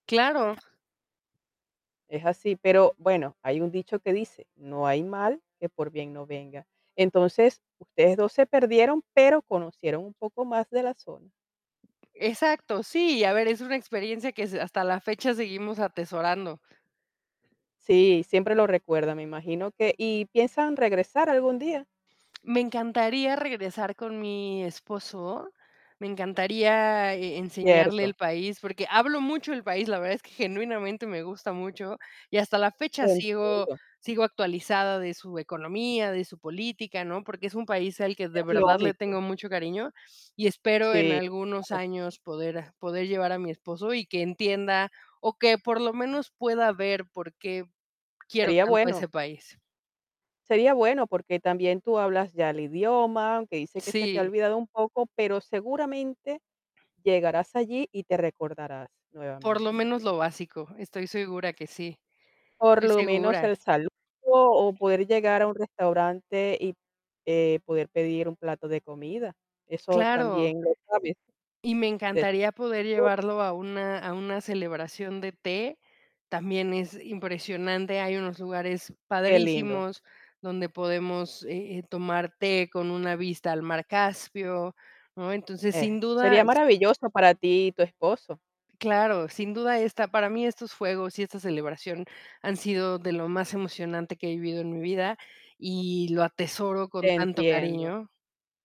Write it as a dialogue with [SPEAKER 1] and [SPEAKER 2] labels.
[SPEAKER 1] Claro.
[SPEAKER 2] Es así, pero, bueno, hay un dicho que dice, no hay mal que por bien no venga. Entonces, ustedes 2 se perdieron, pero conocieron un poco más de la zona.
[SPEAKER 1] Exacto, sí, a ver, es una experiencia que es hasta la fecha seguimos atesorando.
[SPEAKER 2] Sí, siempre lo recuerda, me imagino que ¿y piensan regresar algún día?
[SPEAKER 1] Me encantaría regresar con mi esposo. Me encantaría e enseñarle
[SPEAKER 2] Cierto.
[SPEAKER 1] el país, porque hablo mucho del país. La verdad es que, genuinamente, me gusta mucho, y hasta la
[SPEAKER 2] Te
[SPEAKER 1] fecha sigo
[SPEAKER 2] entiendo.
[SPEAKER 1] sigo actualizada de su economía, de su política, ¿no? Porque es un país al que
[SPEAKER 2] Es
[SPEAKER 1] de verdad le
[SPEAKER 2] lógico.
[SPEAKER 1] tengo mucho cariño, y espero en
[SPEAKER 2] Sí.
[SPEAKER 1] algunos
[SPEAKER 2] [unintelligible]
[SPEAKER 1] años poder, ah, poder llevar a mi esposo y que entienda o que, por lo menos, pueda ver por qué quiero
[SPEAKER 2] Sería
[SPEAKER 1] tanto
[SPEAKER 2] bueno.
[SPEAKER 1] ese país.
[SPEAKER 2] Sería bueno, porque también tú hablas, ya, el idioma, aunque dices que se te ha
[SPEAKER 1] Sí.
[SPEAKER 2] olvidado un poco, pero, seguramente, llegarás allí y te recordarás
[SPEAKER 1] Por
[SPEAKER 2] nuevamente.
[SPEAKER 1] lo menos lo básico, estoy segura que sí,
[SPEAKER 2] Por
[SPEAKER 1] estoy
[SPEAKER 2] lo menos,
[SPEAKER 1] segura.
[SPEAKER 2] el saludo, o poder llegar a un restaurante y, eh, poder pedir un plato de comida. Eso
[SPEAKER 1] Claro.
[SPEAKER 2] también lo sabes.
[SPEAKER 1] Y me encantaría poder
[SPEAKER 2] [unintelligible]
[SPEAKER 1] llevarlo a una a una celebración de té. También es impresionante, hay unos lugares
[SPEAKER 2] Qué lindo.
[SPEAKER 1] padrísimos donde podemos, eh, eh, tomar té con una vista al mar Caspio, ¿no? Entonces, sin
[SPEAKER 2] Eso
[SPEAKER 1] duda
[SPEAKER 2] sería maravilloso para ti y tu esposo.
[SPEAKER 1] Claro, sin duda esta para mí estos fuegos y esta celebración han sido de lo más emocionante que he vivido en mi vida, y lo atesoro con
[SPEAKER 2] Te
[SPEAKER 1] tanto
[SPEAKER 2] entiendo.
[SPEAKER 1] cariño.